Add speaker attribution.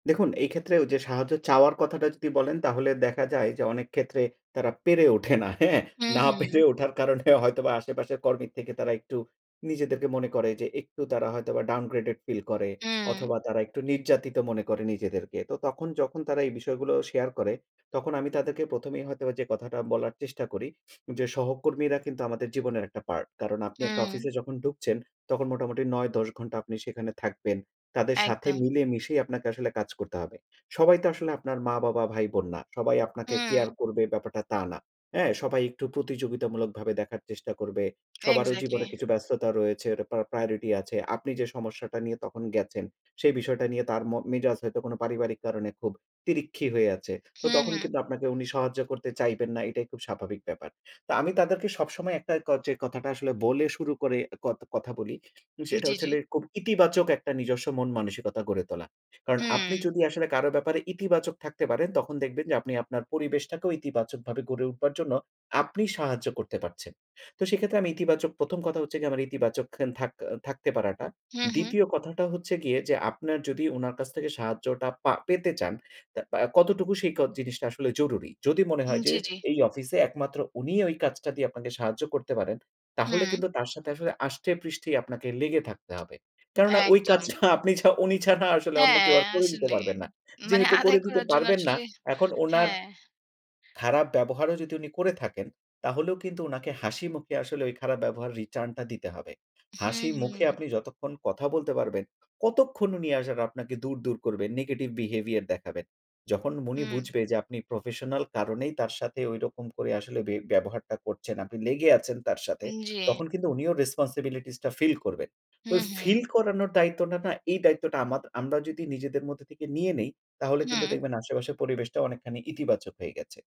Speaker 1: দেখুন এই ক্ষেত্রে ওই যে সাহায্য চাওয়ার কথাটা যদি বলেন তাহলে দেখা যায় যে, অনেক ক্ষেত্রে তারা পেরে ওঠে না। হ্যাঁ?
Speaker 2: হুম,
Speaker 1: না পেরে
Speaker 2: হুম।
Speaker 1: ওঠার কারণে হয়তোবা আশেপাশের কর্মীর থেকে তারা একটু নিজেদেরকে মনে করে যে, একটু তারা হয়তোবা ডাউনগ্রেডেড ফিল করে
Speaker 2: হুম।
Speaker 1: অথবা তারা একটু নির্যাতিত মনে করে নিজেদেরকে। তো তখন যখন তারা এই বিষয়গুলো শেয়ার করে তখন আমি তাদেরকে প্রথমেই হয়তোবা যে কথাটা বলার চেষ্টা করি যে, সহকর্মীরা কিন্তু আমাদের জীবনের একটা পার্ট। কারণ আপনি একটা
Speaker 2: হুম।
Speaker 1: অফিসে যখন ঢুকছেন, তখন মোটামুটি ৯-১০ ঘণ্টা আপনি সেখানে থাকবেন। তাদের সাথে
Speaker 2: একদম।
Speaker 1: মিলেমিশেই আপনাকে আসলে কাজ করতে হবে। সবাই তো আসলে আপনার মা, বাবা, ভাই, বোন না। সবাই আপনাকে কেয়ার
Speaker 2: হম।
Speaker 1: করবে ব্যাপারটা তা না। হ্যাঁ? সবাই একটু প্রতিযোগিতামূলকভাবে দেখার চেষ্টা করবে। সবারও
Speaker 2: এক্সাক্টলি।
Speaker 1: জীবনে কিছু ব্যস্ততা রয়েছে, প্রার প্রায়োরিটি আছে। আপনি যে সমস্যাটা নিয়ে তখন গেছেন, সেই বিষয়টা নিয়ে তার ম মেজাজ হয়তো কোনো পারিবারিক কারণে খুব তিরিক্ষি হয়ে আছে। তো
Speaker 2: হুম,
Speaker 1: তখন
Speaker 2: হুম।
Speaker 1: কিন্তু আপনাকে উনি সাহায্য করতে চাইবেন না, এটাই খুব স্বাভাবিক ব্যাপার। তো আমি তাদেরকে সবসময় একটা যে কথাটা আসলে বলে শুরু করে কথ কথা বলি,
Speaker 2: জ্বি,
Speaker 1: যেটা হচ্ছে
Speaker 2: জ্বি।
Speaker 1: লে খুব ইতিবাচক একটা নিজস্ব মন-মানসিকতা গড়ে তোলা। কারণ আপনি
Speaker 2: হুঁ।
Speaker 1: যদি আসলে কারো ব্যাপারে ইতিবাচক থাকতে পারেন, তখন দেখবেন যে, আপনি আপনার পরিবেশটাকেও ইতিবাচকভাবে গড়ে উঠবার জন্য আপনি সাহায্য করতে পারছেন। তো সেক্ষেত্রে আমি ইতিবাচক প্রথম কথা হচ্ছে গিয়ে আমার ইতিবাচক থাক থাকতে পারাটা।
Speaker 2: হুম, হুম।
Speaker 1: ২য় কথাটা হচ্ছে গিয়ে, যে আপনার যদি উনার কাছ থেকে সাহায্যটা পা পেতে চান, তা কতটুকু সেই ক জিনিসটা আসলে জরুরি। যদি মনে
Speaker 2: জ্বী,
Speaker 1: হয় যে,
Speaker 2: জ্বী।
Speaker 1: এই অফিসে একমাত্র উনিই ওই কাজটা দিয়ে আপনাকে সাহায্য করতে পারেন, তাহলে
Speaker 2: হ্যাঁ।
Speaker 1: কিন্তু তার সাথে আসলে আষ্টেপৃষ্ঠেই আপনাকে লেগে থাকতে হবে। কেননা ওই
Speaker 2: একদম।
Speaker 1: কাজটা আপনি ছা উনি ছাড়া আসলে অন্য
Speaker 2: হ্যাঁ
Speaker 1: কেউ আর করে দিতে
Speaker 2: আসলে।
Speaker 1: পারবে না।
Speaker 2: মানে
Speaker 1: যেহেতু
Speaker 2: আদায়
Speaker 1: করে দিতে
Speaker 2: করার জন্য
Speaker 1: পারবেন না,
Speaker 2: আসলে,
Speaker 1: এখন ওনার
Speaker 2: হ্যাঁ।
Speaker 1: খারাপ ব্যবহারও যদি উনি করে থাকেন, তাহলেও কিন্তু উনাকে হাসিমুখে আসলে ওই খারাপ ব্যবহারের রিটার্নটা দিতে হবে।
Speaker 2: হু,
Speaker 1: হাসি মুখে
Speaker 2: হু।
Speaker 1: আপনি যতক্ষণ কথা বলতে পারবেন, কতক্ষণ উনি আসার আপনাকে দূর, দূর করবেন, নেগেটিভ বিহেভিয়ার দেখাবেন। যখন মনি
Speaker 2: হুম।
Speaker 1: বুঝবে যে আপনি প্রফেশনাল কারণেই তার সাথে ঐরকম করে আসলে ব্যব ব্যবহারটা করছেন। আপনি লেগে আছেন তার সাথে,
Speaker 2: জ্বী।
Speaker 1: তখন কিন্তু উনিও রেসপনসিবিলিটিসটা ফিল করবেন।
Speaker 2: হু,
Speaker 1: তো ফিল
Speaker 2: হু।
Speaker 1: করানোর দায়িত্বটা না, এই দায়িত্বটা আমার। আমরা যদি নিজেদের মধ্যে থেকে নিয়ে নেই তাহলে কিন্তু
Speaker 2: হুম।
Speaker 1: দেখবেন আশেপাশের পরিবেশটা অনেকখানি ইতিবাচক হয়ে গেছে।